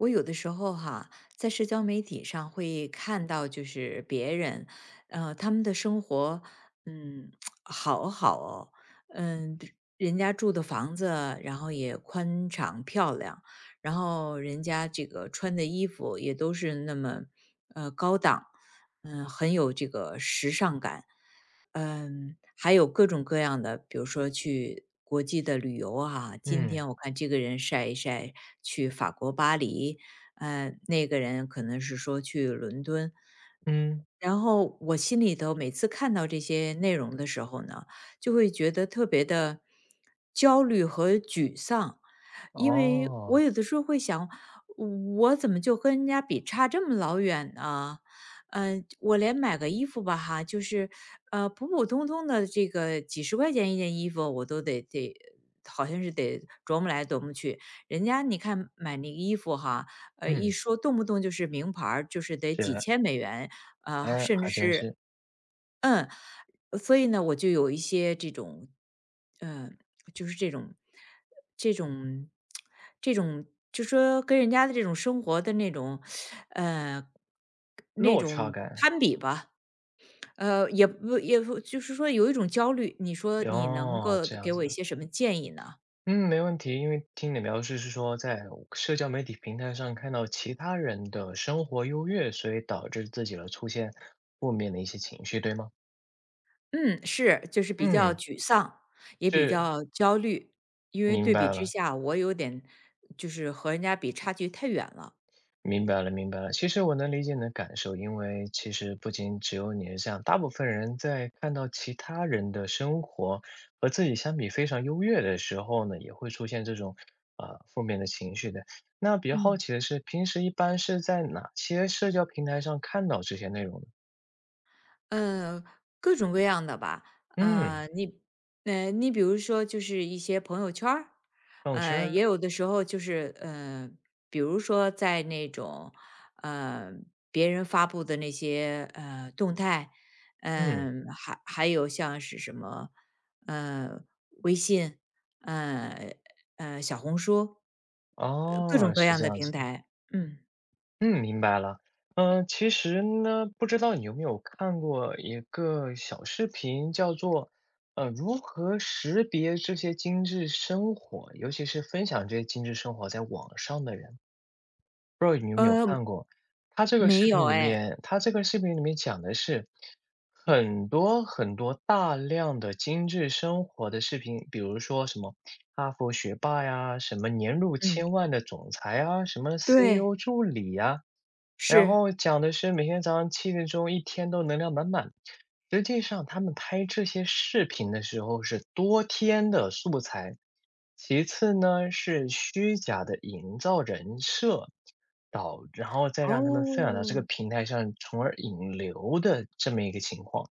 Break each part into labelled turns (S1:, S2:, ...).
S1: 我有的时候哈，在社交媒体上会看到就是别人，啊，他们的生活，嗯，好好哦。嗯，人家住的房子，然后也宽敞漂亮，然后人家这个穿的衣服，也都是那么，呃，高档，嗯，很有这个时尚感。嗯，还有各种各样的，比如说去国际的旅游啊，今
S2: 嗯。
S1: 天我看这个人晒一晒去法国巴黎，嗯，那个人可能是说去伦敦。
S2: 嗯。
S1: 然后，我心里头每次看到这些内容的时候呢，就会觉得特别地焦虑和沮丧。因为我
S2: 哦。
S1: 有的时候会想：“我怎么就跟人家比差这么老远啊？”呃，我连买个衣服吧哈，就是，呃，普普通通的这个几十块钱一件衣服，我都得得好像是得琢磨来琢磨去，人家你看买那衣服哈，呃，一
S2: 嗯。
S1: 说动不动就是名牌儿，就是得
S2: 解
S1: 几
S2: 的
S1: 千美元。呃，
S2: 诶，
S1: 甚至
S2: 还真
S1: 是
S2: 是。
S1: 嗯，所以呢，我就有一些这种，呃，就是这种这种 这种就是说跟人家的这种生活的那种 呃，那
S2: 落
S1: 种攀
S2: 差
S1: 比
S2: 感。
S1: 吧。呃，也不也不就是说有一种焦虑。你说，你能
S2: 哦，
S1: 够
S2: 这样
S1: 给
S2: 子
S1: 我一
S2: 的。
S1: 些什么建议呢？
S2: 嗯，没问题，因为听你描述是说在社交媒体平台上看到其他人的生活优越，所以导致自己了出现负面的一些情绪，对吗？
S1: 嗯，是，就是比较
S2: 嗯。
S1: 沮丧，也比
S2: 是。
S1: 较焦虑。因为
S2: 明
S1: 对比
S2: 白
S1: 之
S2: 了。
S1: 下，我有点就是和人家比差距太远了。
S2: 明白了明白了，其实我能理解你的感受，因为，其实不仅只有你是这样，大部分人在看到其他人的生活，和自己相比非常优越的时候呢，也会出现这种，啊，负面的情绪的。那比较好
S1: 嗯。
S2: 奇的是，平时一般是在哪些社交平台上看到这些内容呢？
S1: 呃，各种各样的吧，
S2: 嗯。
S1: 呃，你呃，你比如说就是一些朋友圈儿，
S2: 朋友圈
S1: 呃，也
S2: 儿。
S1: 有的时候就是，呃，比如说在那种，呃，别人发布的那些，呃，动态，
S2: 嗯。
S1: 呃，还还有像是什么，呃，微信，呃，呃，小红书。呃，各种
S2: 哦，
S1: 各
S2: 是
S1: 样
S2: 这
S1: 的
S2: 样
S1: 平
S2: 子的。
S1: 台，嗯。
S2: 嗯，明白了，呃，其实呢，不知道你有没有看过一个小视频叫做，呃，如何识别这些精致生活，尤其是分享这些精致生活在网上的人。不知道你有没有
S1: 呃，
S2: 看过，它这个
S1: 没
S2: 视
S1: 有
S2: 频里
S1: 哎。
S2: 面它这个视频里面讲的是，很多很多大量的精致生活的视频，比如说什么哈佛学霸呀，什么年入
S1: 嗯。
S2: 千万的总裁啊，什么
S1: 对。
S2: CEO 助理啊，然
S1: 是。
S2: 后讲的是，每天早上7点钟一天都能量满满，实际上他们拍这些视频的时候是多天的素材。其次呢，是虚假的营造人设，导然后再让他们分享到这个
S1: 哦。
S2: 平台上，从而引流的这么一个情况。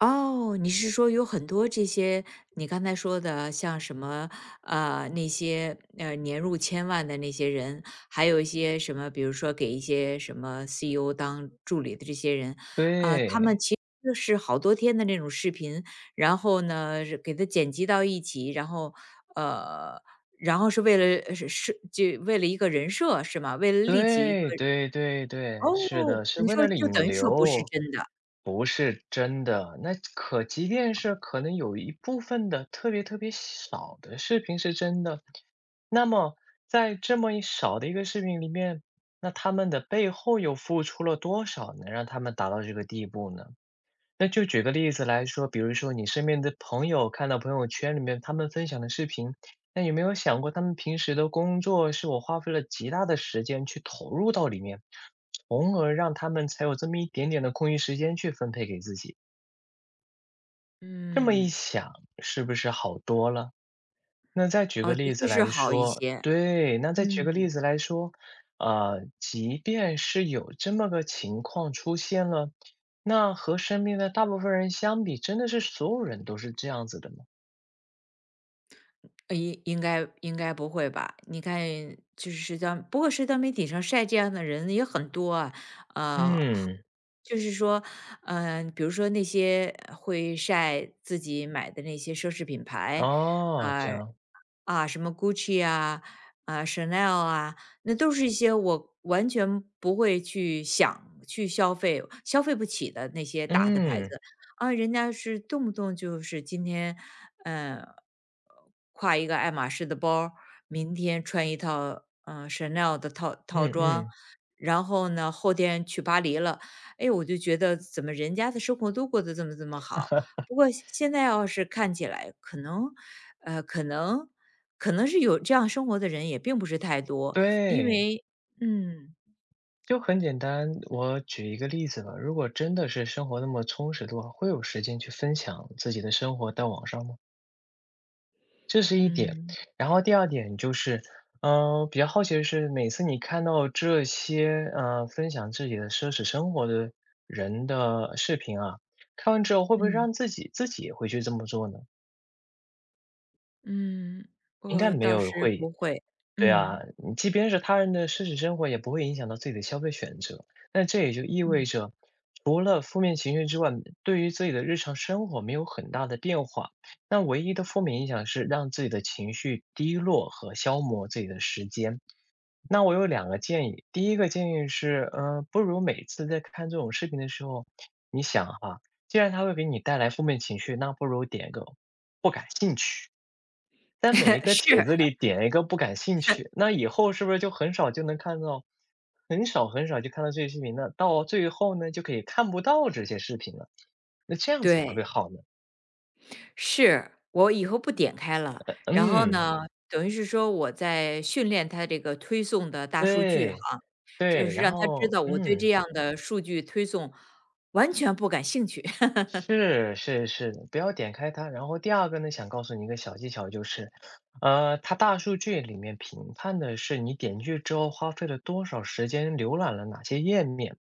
S1: 哦，你是说有很多这些你刚才说的啊，像什么，啊，那些，呃，年入千万的那些人，还有一些什么，比如说给一些什么 CEO 当助理的这些人，啊，他们
S2: 对。
S1: 其实就是好多天的那种视频，然后呢惹给它剪辑到一起，然后呃，然后是为了，呃，呃，设这为了一个人设是吗？为了立起一个
S2: 对，对对
S1: 哦，
S2: 对，是的，是
S1: 你
S2: 为
S1: 说
S2: 了
S1: 就
S2: 引
S1: 等于说不是
S2: 流。
S1: 真的。
S2: 不是，真的，那可即便
S1: 哦。
S2: 是可能有一部分的特别特别小少的视频是真的，那么在这么一少的一个视频里面，那他们的背后又付出了多少能让他们达到这个地步呢？那就举个例子来说，比如说你身边的朋友，看到朋友圈里面他们分享的视频，那有没有想过他们平时的工作，是我花费了极大的时间去投入到里面，从而让他们才有这么一点点的空余时间去分配给自己。这么一
S1: 嗯。
S2: 想，是不是好多了？那再举
S1: 哦，
S2: 个
S1: 的
S2: 例
S1: 确
S2: 子
S1: 是
S2: 来
S1: 好一
S2: 说
S1: 些，
S2: 对，那再举个例
S1: 嗯。
S2: 子来说，呃，即便是有这么个情况出现了。那和身边的大部分人相比，真的是所有人都是这样子的吗？
S1: 呃，应应该应该不会吧。你看就是社交不过社交媒体上晒这样的人也很多啊。啊，好
S2: 嗯。
S1: 就是说，呃，比如说那些会晒自己买的那些奢侈品牌，
S2: 哦，这
S1: 啊，
S2: 样。
S1: 啊，什么 Gucci 啊，呃，Chanel 啊，那都是一些我完全不会去想去消费，消费不起的那些大的牌子。
S2: 嗯。
S1: 啊，人家是动不动就是今天，呃，挎一个爱马仕的包儿，明天穿一套，呃，Chanel 的套套
S2: 嗯
S1: 装，
S2: 嗯。
S1: 然后呢，后天去巴黎了。哎，我就觉得怎么人家的生活都过得这么这么好。不过现现在要是看起来，可能呃，可能可能是有这样生活的人也并不是太多，因
S2: 对。
S1: 为嗯。
S2: 就很简单，我举一个例子吧，如果真的是生活那么充实的话，会有时间去分享自己的生活到网上吗？这是一点。
S1: 嗯。
S2: 然后第二点就是，嗯，比较好奇的是每次你看到这些，啊，分享自己的奢侈生活的人的视频啊，看完之后会不会
S1: 嗯。
S2: 让自己自己也会去这么做呢？
S1: 嗯，
S2: 应该
S1: 我
S2: 没
S1: 倒
S2: 有
S1: 是
S2: 会
S1: 不会，
S2: 对啊，
S1: 嗯。
S2: 嗯，即便是他人的奢侈生活，也不会影响到自己的消费选择。那这也就意
S1: 嗯。
S2: 味着，除了负面情绪之外，对于自己的日常生活没有很大的变化。那唯一的负面影响是让自己的情绪低落和消磨自己的时间。那我有两个建议。第一个建议是，嗯，不如每次在看这种视频的时候，你想啊，既然它会给你带来负面情绪，那不如点个“不感兴趣”。在每一 个
S1: 是。
S2: 帖子里点一个“不感兴趣”，那以后是 不是就很少就能看到很少很少就看到这些视频呢？到最后呢，就可以看不到这些视频了。那这样子会不
S1: 对。
S2: 会好呢？
S1: 是，我以后不点开了。
S2: 呃，
S1: 然后
S2: 嗯。
S1: 呢，等于是说，我在训练它这个推送的大数据哈，
S2: 对，
S1: 就
S2: 对，
S1: 是
S2: 然
S1: 让它知
S2: 后
S1: 道我对
S2: 嗯。
S1: 这样的数据推送完全不感兴趣。
S2: 是是是，不要点开它。然后第二个呢，想告诉你一个小技巧就是，啊，它大数据里面评判的是你点进去之后花费了多少时间，浏览了哪些页面。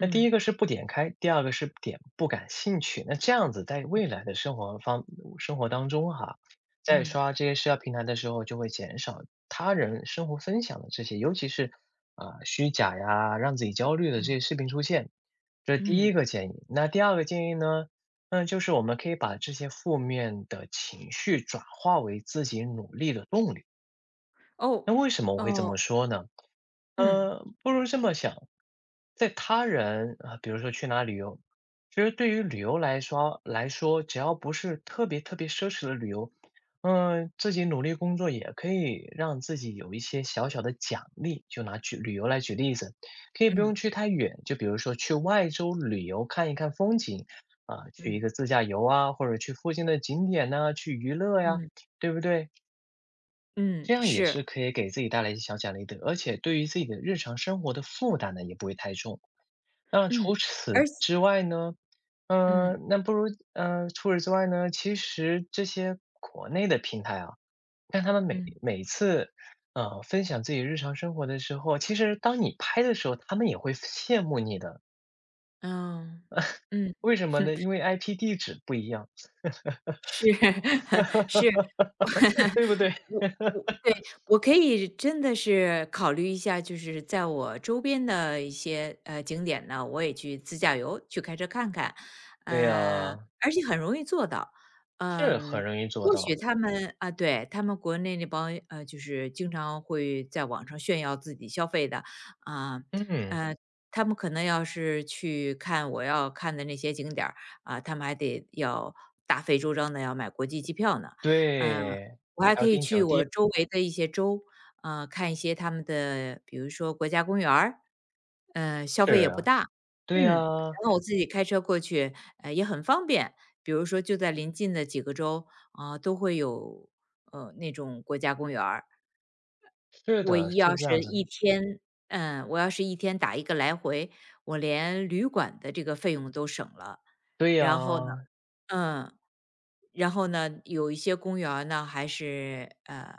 S2: 那第
S1: 嗯。
S2: 一个是不点开，第二个是不点“不感兴趣”。那这样子在
S1: 嗯。
S2: 未来的生活方嗯，生活当中哈，在
S1: 嗯。
S2: 刷这些社交平台的时候，就会减少他人生活分享的这些尤其是，啊，虚假呀，让自己焦虑的这
S1: 嗯。
S2: 些视频出现。这是第一
S1: 嗯。
S2: 个建议。那第二个建议呢，那就是我们可以把这些负面的情绪转化为自己努力的动力。那
S1: 哦，
S2: 为什么我会这
S1: 哦。
S2: 么说呢？
S1: 嗯。
S2: 嗯，不如这么想。在他人，呃，比如说去哪儿旅游其实对于旅游来说来说，只要不是特别特别奢侈的旅游，嗯，自己努力工作也可以让自己有一些小小的奖励，就拿举旅游来举例子。可以不用
S1: 嗯。
S2: 去太远，就比如说去外州旅游看一看风景，啊，去一
S1: 嗯。
S2: 个自驾游啊，或者去附近的景点呢，去娱乐呀，
S1: 嗯。
S2: 对不对？
S1: 嗯，
S2: 这样也是
S1: 是。
S2: 可以给自己带来一些小奖励的，而且对于自己的日常生活的负担呢，也不会太重。那除
S1: 嗯，
S2: 此
S1: 而且
S2: 之外呢，
S1: 嗯。
S2: 嗯，那不如嗯，除此之外呢，其实这些国内的平台啊但他们每
S1: 嗯。
S2: 每一次，呃，分享自己日常生活的时候其实当你拍的时候，他们也会羡慕你的。
S1: 嗯，嗯。
S2: 为什么呢？因为 IP 地址不一样。
S1: 是，是。
S2: 对不对？
S1: 我我对，我可以真的是考虑一下，就是在我周边的一些，呃，景点呢，我也去自驾游，去开车看看。
S2: 对
S1: 呃，
S2: 呀。
S1: 而且很容易做到。
S2: 这很
S1: 嗯，
S2: 容易做
S1: 或许
S2: 到。
S1: 他们呃，对，他们国内那帮，呃，就是经常会在网上炫耀自己消费的，啊，
S2: 嗯。
S1: 呃，他们可能要是去看我要看的那些景点儿，啊，他们还得要大费周章地要买国际机票呢。嗯，
S2: 对，
S1: 我还
S2: 还
S1: 可
S2: 要
S1: 以
S2: 订
S1: 去
S2: 酒店。
S1: 我周围的一些州，啊，看一些它们的，比如说国家公园儿，嗯，消费也
S2: 是
S1: 不
S2: 啊，
S1: 大。
S2: 对
S1: 嗯，
S2: 呀。
S1: 然后我自己开车过去，呃，也很方便。比如说就在临近的几个州，啊，都会有，呃，那种国家公园儿。
S2: 是
S1: 我
S2: 的，
S1: 一
S2: 是
S1: 要
S2: 这
S1: 是
S2: 样子
S1: 1
S2: 的。
S1: 天嗯，我要是1天打一个来回，我连旅馆的这个费用都省了。
S2: 对
S1: 然后呢
S2: 呀。
S1: 嗯，然后呢，有一些公园呢，还是，嗯，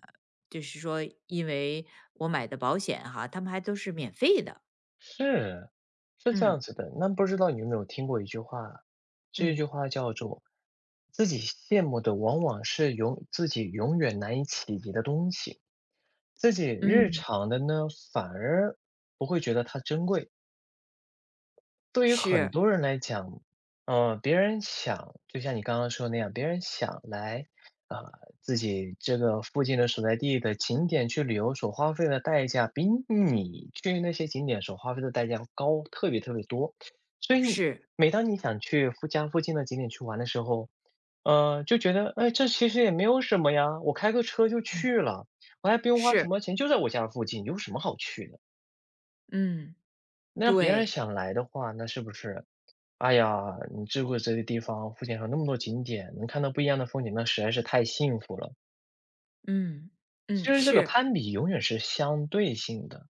S1: 就是说因为我买的保险哈，它们还都是免费的。
S2: 是，是这
S1: 嗯。
S2: 样子的。那不知道你有没有听过一句话，这一
S1: 嗯。
S2: 句话叫做：“自己羡慕的，往往是永自己永远难以企及的东西，自己日
S1: 嗯。
S2: 常的呢，反而不会觉得它珍贵。”对于很
S1: 是。
S2: 多人来讲，嗯，别人想就像你刚刚说的那样，别人想来，啊，自己这个，附近的所在地的景点去旅游所花费的代价，比你去那些景点所花费的代价高特别特别多。所以
S1: 是。
S2: 每当你想去附家附近的景点去玩的时候，嗯，就觉得：“哎，这其实也没有什么呀，我开个车就
S1: 嗯。
S2: 去了，我还不用花
S1: 是。
S2: 什么钱，就在我家附近，有什么好去的。”
S1: 嗯，
S2: 那别人
S1: 对。
S2: 想来的话，那是不是，“哎呀，你住过这个地方，附近还有那么多景点，能看到不一样的风景，那实在是太幸福了。”
S1: 嗯，
S2: 其
S1: 嗯，
S2: 实这个
S1: 是。
S2: 攀比永远是相对性的。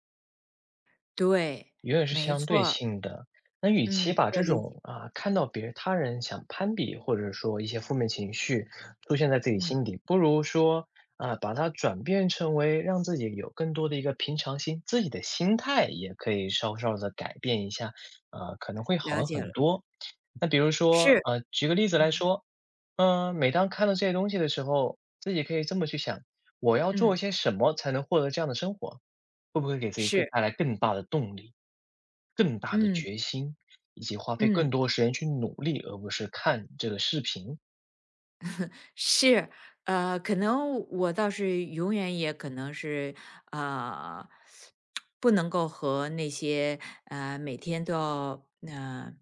S1: 对，
S2: 永远是
S1: 没
S2: 相
S1: 错
S2: 对
S1: 儿。
S2: 性的。那与其
S1: 嗯，
S2: 把
S1: 我
S2: 这
S1: 理解。
S2: 种，啊，看到别他人想攀比，或者说一些负面情绪，出现在自己
S1: 嗯。
S2: 心底，不如说，啊，把它转变成为，让自己有更多的一个平常心，自己的心态也可以稍稍地改变一下，啊，可能会
S1: 了
S2: 好
S1: 解了。
S2: 很多。那比如说，
S1: 是，
S2: 啊，举个例子来
S1: 嗯。
S2: 说，嗯，每当看到这些东西的时候，自己可以这么去想，我要做
S1: 嗯。
S2: 些什么才能获得这样的生活，会不会给自己更
S1: 是。
S2: 带来更大的动力、更大的
S1: 嗯。
S2: 决心，以及花费更
S1: 嗯。
S2: 多时间去努力，而不是看这个视频。
S1: 是，啊，可能我倒是，永远也可能是，啊，不能够和那些，呃，每天都要，嗯，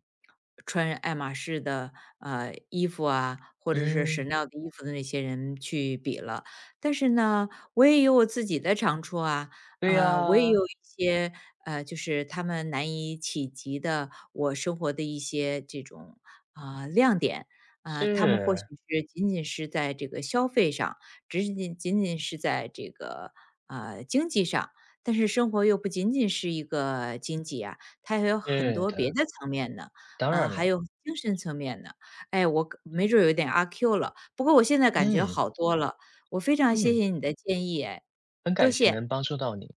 S1: 穿爱马仕的，呃，衣服啊，或者是
S2: 嗯。
S1: CHANEL 的衣服的那些人去比了。但是呢，我也有我自己的长处啊，
S2: 对
S1: 嗯，我也
S2: 呀。
S1: 有一些，呃，就是他们难以企及的我生活的一些，这种，啊，亮点。啊，他们或许
S2: 是。
S1: 是仅仅是在这个消费上，只仅仅仅仅是在这个，呃，经济上，但是生活又不仅仅是一个经济啊，它还有很
S2: 是
S1: 多别
S2: 的。
S1: 的层面呢，
S2: 当
S1: 嗯，
S2: 然
S1: 还
S2: 了。
S1: 有精神层面呢。哎。我可没准有点阿 Q 了，不过我现在感觉
S2: 嗯。
S1: 好多了，我非常谢
S2: 嗯。
S1: 谢你的建议哎，
S2: 很
S1: 多
S2: 感谢
S1: 谢。
S2: 能帮助到你。